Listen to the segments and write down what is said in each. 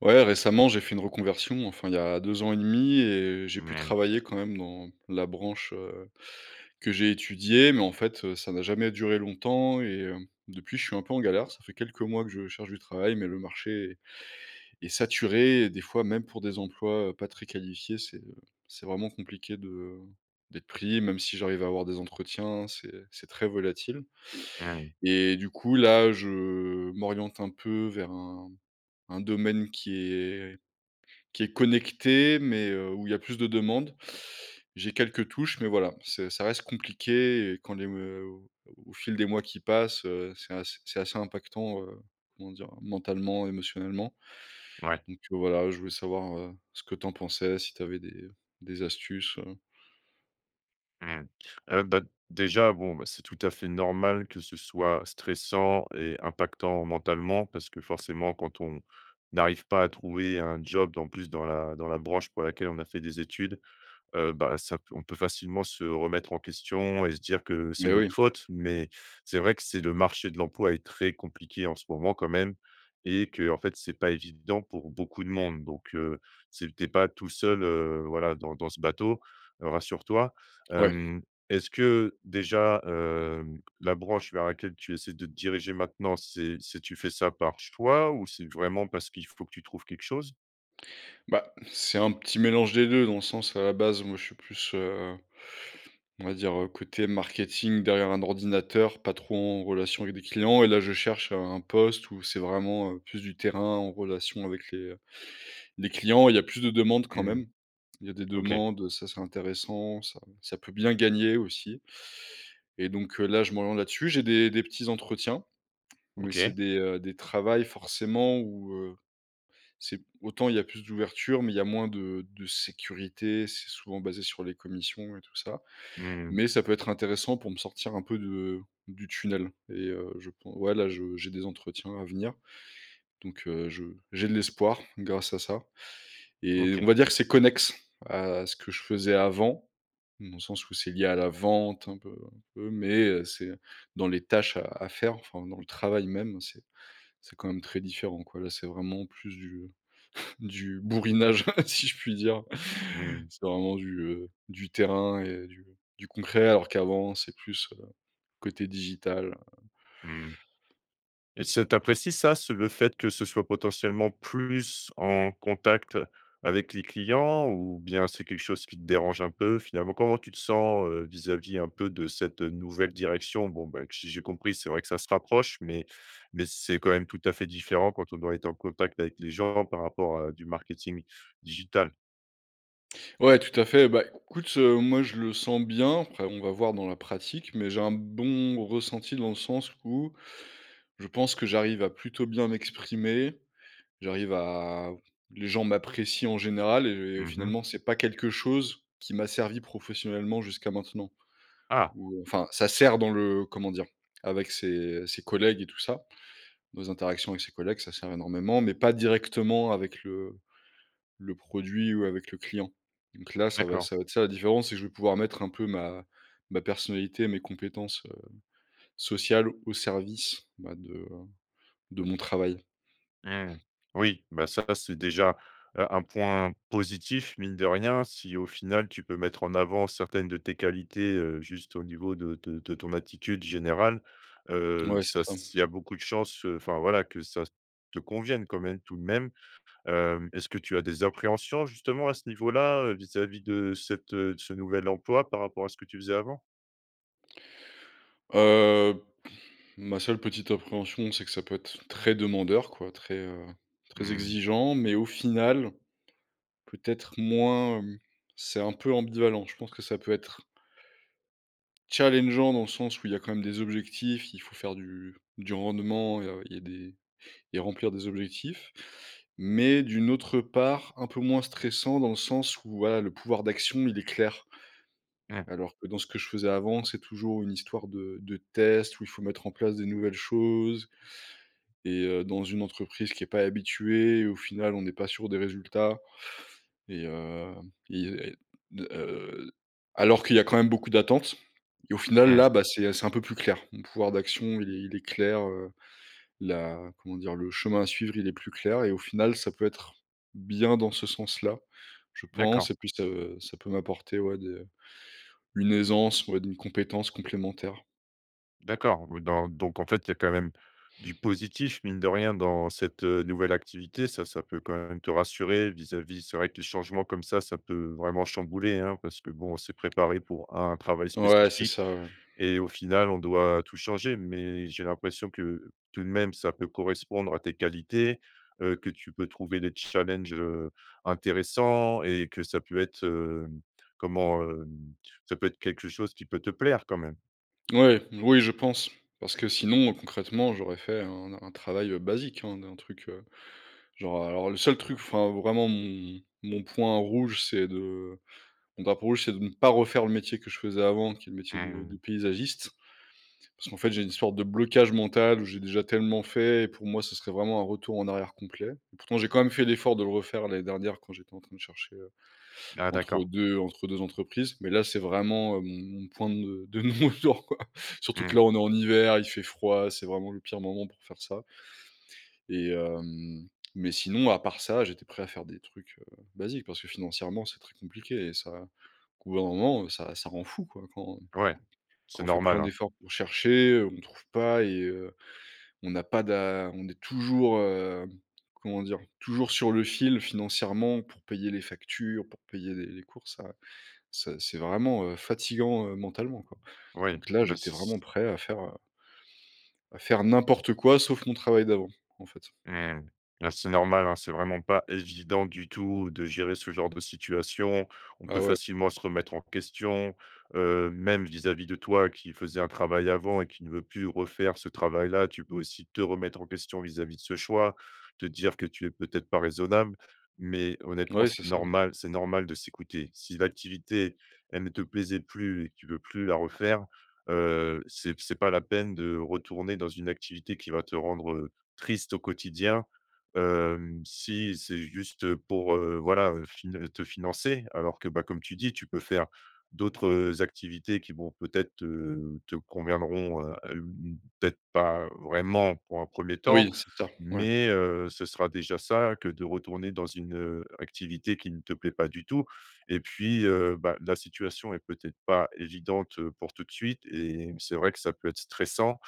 Ouais, récemment, j'ai fait une reconversion, enfin il y a 2 ans et 1/2 et j'ai pu Mouais. travailler, quand même, dans la branche, heu, que j'ai étudiée, mais en fait, heu, ça n'a jamais duré longtemps et heu, depuis je suis un peu en galère. Ça fait quelques mois que je cherche du travail mais le marché est est saturé et des fois, même pour des emplois, heu, pas très qualifiés, c'est, heu, c'est vraiment compliqué de, heu, d'être pris. Même si j'arrive à avoir des entretiens, c'est c'est très volatile Mmh. et du coup, là, je m'oriente un peu vers un un domaine qui est qui est connecté mais heu, où il y a plus de demandes. J'ai quelques touches mais voilà. C'est ça reste compliqué, et quand les meuo au au fil des mois qui passent, heu, c'est ass c'est assez impactant, heu, comment dire? Mentalement, émotionnellement Ouais. donc heu, voilà, je voulais savoir, heu, ce que tu en pensais, si tu avais des, heu, des astuces, heu? Mmh. Heu, bah, déjà, bon, bah, c'est tout à fait normal que ce soit stressant et impactant mentalement parce que, forcément, quand on n'arrive pas à trouver un job, en plus, dans la dans la branche pour laquelle on a fait des études, heu, bah, ça pe on peut facilement se remettre en question et se dire que c'est Mais notre oui. faute. Mais c'est vrai que c'est le marché de l'emploi est très compliqué en ce moment quand même et qu'en fait, c'est pas évident pour beaucoup de monde donc heu, c'est tu es pas tout seul, heu, voilà, dans dans ce bateau, heu, rassure-toi. Ouais. Hem, est-ce que déjà, hem, la branche vers laquelle tu essaies de te diriger maintenant c'est c'est tu fais ça par choix ou c'est vraiment parce qu'il faut que tu trouves quelque chose? Bah, c'est un petit mélange des 2 dans le sens, à la base, moi, je suis plus, heu, on va dire, heu, côté marketing derrière un ordinateur, pas trop en relation avec des clients et là, je cherche un poste où c'est vraiment, heu, plus du terrain en relation avec les, heu, les clients. Il y a plus de demandes quand Mmh. même. Il y a des OK. demandes, heu, ça c'est intéressant, ça ça peut bien gagner aussi et donc, heu, là, je m'oriente là dessus. J'ai des des petits entretiens mais c'est OK. des, heu, des travails forcément où, heu, c'est p autant il y a plus d'ouverture mais il y a moins de de sécurité. C'est souvent basé sur les commissions et tout ça. Mmh. Mais ça peut être intéressant pour me sortir un peu de du tunnel et heu, je pen ouais, là, je j'ai des entretiens à venir donc, heu, je j'ai de l'espoir, grâce à ça et on OK. va dire que c'est connexe à ce que je faisais avant dans le sens où c'est lié à la vente un peu un peu. Mais heu, c'est dans les tâches à à faire, enfin, dans le travail même c'est c'est quand même très différent, quoi. Là, c'est vraiment plus du du bourrinage si je puis dire. Mmh. C'est vraiment du, heu, du terrain et du du concret alors qu'avant c'est plus, heu, côté digital, heu. Mmh. Et ce tu apprécies ça? Ce le fait que ce soit potentiellement plus en contact avec les clients ou bien c'est quelque chose qui te dérange un peu? Finalement, comment tu te sens, heu, vis-à-vis un peu de cette, heu, nouvelle direction? Bon, bah q si j'ai compris c'est vrai que ça se rapproche mais mais c'est quand même tout à fait différent quand on doit être en contact avec les gens par rapport à du marketing digital? Ouais, tout à fait. Bah, écoute, heu, moi je le sens bien, après on va voir dans la pratique. Mais j'ai un bon ressenti dans le sens où, je pense que j'arrive à plutôt bien m'exprimer. J'arrive à les gens m'apprécient en général et Mmh mh. finalement c'est pas quelque chose qui m'a servi professionnellement jusqu'à maintenant. Ah! Ou, enfin, ça sert dans le comment dire? Avec ses ses collègues et tout ça. Dans les interactions avec ses collègues, ça sert énormément mais pas directement avec le le produit ou avec le client. Donc là ça va D'accord. ça va être ça la différence, c'est que je vais pouvoir mettre un peu ma ma personnalité et mes compétences, heu, sociales, au service, bah, de, heu, de mon travail. Mmh. Oui, bah, ça c'est déjà, heu, un point positif, mine de rien, si au final tu peux mettre en avant certaines de tes qualités, heu, juste au niveau de de de ton attitude générale. Heu, Ouais, c'est ça, ça. s'il y a beaucoup de chance, heu, enfin voilà, que ça te convienne quand même tout de même. Hem, est-ce que tu as des appréhensions justement à ce niveau-là, heu, vis-à-vis de cette heu, de ce nouvel emploi par rapport à ce que tu faisais avant? Heu, ma seule petite appréhension c'est que ça peut être très demandeur quoi, très, heu, très Mmh. exigeant, mais au final, peut-être moins, hem, c'est un peu ambivalent. Je pense que ça peut être challengeant dans le sens où il y a quand même des objectifs, il faut faire du du rendement et heu, il y a des et remplir des objectifs, mais d'une autre part, un peu moins stressant dans le sens où voilà, le pouvoir d'action, il est clair. Mmh. Alors que dans ce que je faisais avant, c'est toujours une histoire de de test où il faut mettre en place des nouvelles choses et heu, dans une entreprise qui est pas habituée et au final, on n'est pas sûr des résultats et hem, il y a de, heu, alors qu'il y a quand même beaucoup d'attente et au final, Mmh. là, bah c'est, heu, c'est un peu plus clair. Mon pouvoir d'action il est il est clair, heu, la comment dire? Le chemin à suivre, il est plus clair et au final ça peut être bien dans ce sens-là. Je D'accord. pense et puis ça, heu, ça peut m'apporter, ouais, des, heu, une aisance, ouais, d'une compétence complémentaire. D'accord, oui, dans donc, en fait, il y a quand même du positif mine de rien dans cette, heu, nouvelle activité, ça, ça peut quand même te rassurer vis-à-vis c'est vrai que les changements comme ça, ça peut vraiment chambouler, hein, parce que, bon, on s'est préparé pour un travail Ouais, c'est spécifique ça, ouais. et au final, on doit tout changer mais j'ai l'impression que, tout de même, ça peut correspondre à tes qualités, heu, que tu peux trouver des petits challenges, heu, intéressants et que ça peut être, hem, comment? Hem, ça peut être quelque chose qui peut te plaire quand même? Mouais. Oui, je pense, parce que sinon concrètement, j'aurais fait un n un travail basique, hein, d'un truc, heu, genre alors le seul truc, enfin, vraiment, mon mon point rouge, c'est de mon drapeau rouge, c'est de ne pas refaire le métier que je faisais avant qui est le métier de Mmh de mh. paysagiste. Parce qu'en fait j'ai une histoire de blocage mental où j'ai déjà tellement fait et pour moi, ce serait vraiment un retour en arrière complet et pourtant j'ai quand même fait l'effort de le refaire l'année dernière quand j'étais en train de chercher, heu, Ah d'accord. entre 2 entre 2 entreprises, mais là, c'est vraiment, heu, mon mon point de de non retour quoi, surtout que là Mmh. on est en hiver, il fait froid, c'est vraiment le pire moment pour faire ça. Et hem, mais sinon à part ça, j'étais prêt à faire des trucs, heu, basiques parce que financièrement, c'est très compliqué et ça qu'au bout d'un moment ça ça rend fou quoi quand Ouais. quand C'est on fait plein normal, hein. d'efforts pour chercher, heu, on trouve pas et heu, on a pas d'a on est toujours, hem, comment dire? Toujours sur le fil financièrement pour payer les factures, pour payer les les courses ça ça c'est vraiment, heu, fatiguant, heu, mentalement quoi. Ouais, Donc là, bah, j'étais si vraiment s prêt à faire, heu à faire n'importe quoi, sauf mon travail d'avant en fait. Mmh, hein, c'est normal, hein, c'est vraiment pas évident du tout de gérer ce genre de situation. On Ah peut ouais. facilement se remettre en question, heu, même vis-à-vis de toi qui faisait un travail avant et qui ne veut plus refaire ce travail-là, tu peux aussi te remettre en question vis-à-vis de ce choix, te dire que tu es peut-être pas raisonnable, mais honnêtement, Mouais, c'est c'est ça. normal c'est normal de s'écouter. Si l'activité, elle ne te plaisait plus et tu veux plus la refaire, heu, c'est c'est pas la peine de retourner dans une activité qui va te rendre, heu, triste au quotidien, hem, si c'est juste pour, heu, voilà, fine heu, te financer alors que, bah comme tu dis tu peux faire d'autres, heu, activités qui vont peut-être heu, te conviendront, hem, mmh, peut-être pas vraiment pour un 1er temps Oui, c'est ça, ouais. mais, heu, ce sera déjà ça, que de retourner dans une, heu, activité qui ne te plaît pas du tout et puis, heu, bah, la situation est peut-être pas évidente, heu, pour tout de suite et c'est vrai que ça peut être stressant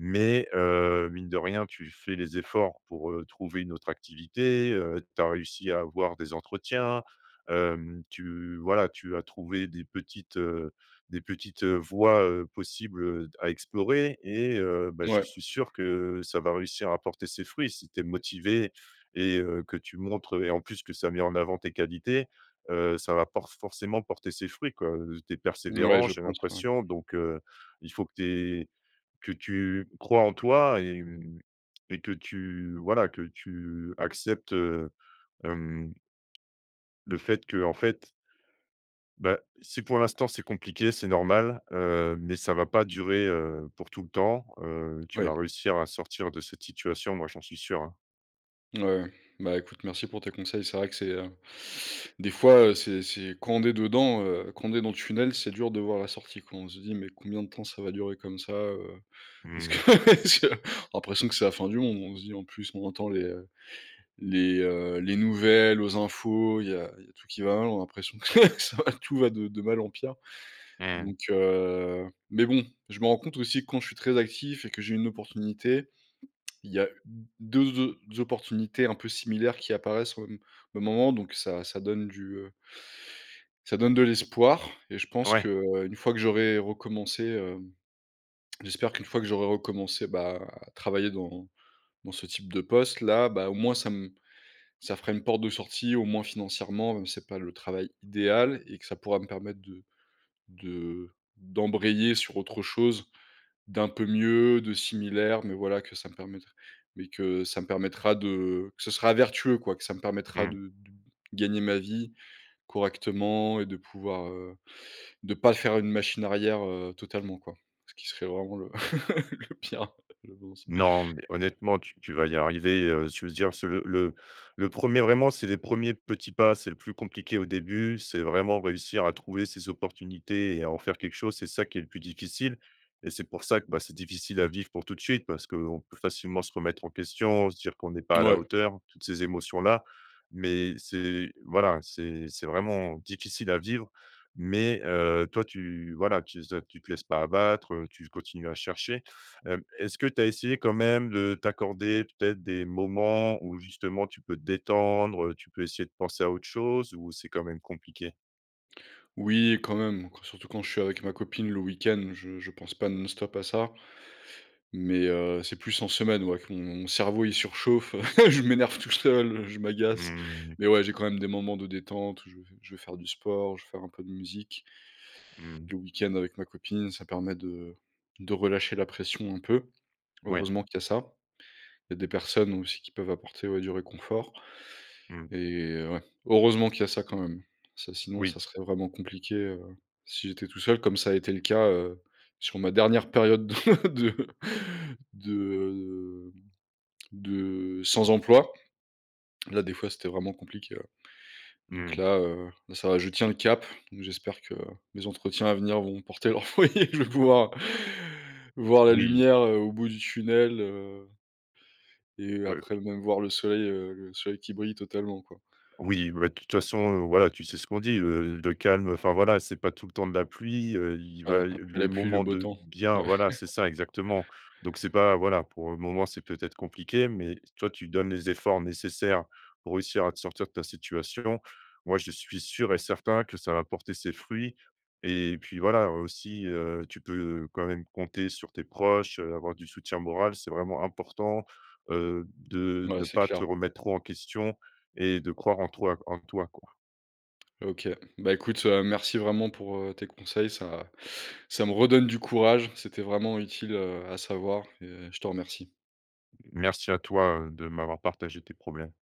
mais, heu, mine de rien, tu fais les efforts pour, heu, trouver une autre activité, heu, tu as réussi à avoir des entretiens, hem, tu, voilà, tu as trouvé des petites, heu, des petites voies, heu, possibles à explorer et heu, bah, je Ouais. suis sûr que ça va réussir à porter ses fruits si tu es motivé et heu, que tu montres et en plus que ça met en avant tes qualités, heu, ça va por forcément porter ses fruits quoi, heu, tu es Mouais, persévérant, je j'ai pense, ouais. l'impression, donc, heu, il faut que tu es que tu crois en toi et mmh et que tu voilà, que tu acceptes, heu, hem, le fait qu'en fait bah, si pour l'instant c'est compliqué, c'est normal, heu, mais ça va pas durer, heu, pour tout le temps, heu, tu vas Ouais. réussir à sortir de cette situation, moi j'en suis sûr, hein. Mouais, ouais, bah écoute merci pour tes conseils, c'est vrai que c'est, heu, des fois, heu, c'est c'est quand on est dedans, heu, quand on est dans le tunnel, c'est dur de voir la sortie, quoi, on se dit: «Mais combien de temps ça va durer comme ça?» heu, est-ce que Mmh. je l'impression que c'est la fin du monde. On se dit en plus on entend les, heu, les, heu, les nouvelles aux infos, il y a il y a tout qui va l'en l'impression que ça va, tout va de de mal en pire Mmh. donc, heu, mais bon je me rends compte aussi quand je suis très actif et que j'ai une opportunité, il y a d deux o opportunités un peu similaires qui apparaissent au m au moment donc ça ça donne du, heu ça donne de l'espoir et je pense Ouais. qu'une fois que j'aurai recommencé, hem, j'espère qu'une fois que j'aurai recommencé, bah à travailler dans dans ce type de poste-là, bah au moins ça m ça fera une porte de sortie, au moins financièrement. Même si c'est pas le travail idéal et que ça pourra me permettre de de d'embrayer sur autre chose d'un peu mieux, de similaire, mais voilà que ça me permettre mais que ça me permettra de que ce sera vertueux, quoi, que ça me permettra Mmh. de d de gagner ma vie correctement et de pouvoir, heu, de pas faire une machine arrière, heu, totalement, quoi, ce qui serait vraiment le le pire, je pense. Non mais honnêtement, tu tu vas y arriver, heu, s je veux dire ce le le-le 1er vraiment c'est les 1ers petits pas, c'est le plus compliqué au début, c'est vraiment réussir à trouver ces opportunités et à en faire quelque chose. C'est ça qui est le plus difficile et c'est pour ça que bah, c'est difficile à vivre pour tout de suite parce qu'on peut facilement se remettre en question, se dire qu'on n'est pas à «la Mouais. hauteur», toutes ces émotions-là. Mais c'est, voilà, c'est c'est vraiment difficile à vivre. Mais, heu, toi, tu voilà, tu ze tu te laisses pas abattre, heu, tu continues à chercher, hem, est-ce que tu as essayé quand même de t'accorder peut-être des moments où, justement, tu peux te détendre, heu, tu peux essayer de penser à autre chose ou c'est quand même compliqué? Oui, quand même. Quand surtout quand je suis avec ma copine, le week-end, je je pense pas non stop à ça mais, heu, c'est plus en semaine, ouais, que mon cerveau, il surchauffe, heu. Je m'énerve tout seul, je m'agace, Mmh. mais ouais, j'ai quand même des moments de détente, je vais je vais faire du sport, je vais faire un peu de musique. Mmh mh. Le weekend avec ma copine, ça permet de de relâcher la pression un peu. Mouais. Heureusement qu'il y a ça. Il y a des personnes aussi qui peuvent apporter, ouais, du réconfort Mmh. et ouais, heureusement qu'il y a ça quand même. Ça sinon, ça Oui. serait vraiment compliqué, heu, si j'étais tout seul. Comme ça a été le cas, heu, sur ma dernière période de de de, heu, de sans emploi. Là, des fois, c'était vraiment compliqué, ouais donc Mmh. là, heu, là, ça va. Je tiens le cap donc j'espère que les entretiens à venir vont porter leurs fruits. Je vais pouvoir voir la Oui. lumière, heu, au bout du tunnel, heu et heu, Ouais, après oui. même, voir le soleil, heu, le soleil qui brille totalement, quoi. Oui, b bah, de toute façon, heu, voilà, tu sais ce qu'on dit, heu, le calme, enfin, voilà, c'est pas tout le temps de la pluie, heu, il Ouais, va y après les la pluie, le moments beau de temps. bien Ouais. voilà, c'est ça exactement, donc c'est pas voilà pour le moment, c'est peut-être compliqué, mais toi, tu donnes les efforts nécessaires pour réussir à te sortir de ta situation. Moi, je suis sûr et certain que ça va porter ses fruits et puis, voilà, heu, aussi, heu, tu peux quand même compter sur tes proches, heu, avoir du soutien moral. C'est vraiment important, heu, de Ouais, ne c'est pas te clair. remettre trop en question et de croire en toi, q en toi, quoi. OK. Bah écoute, heu, merci vraiment pour, heu, tes conseils. Ça ça me redonne du courage, c'était vraiment utile, heu, à savoir et je te remercie. Merci à toi, heu, de m'avoir partagé tes problèmes.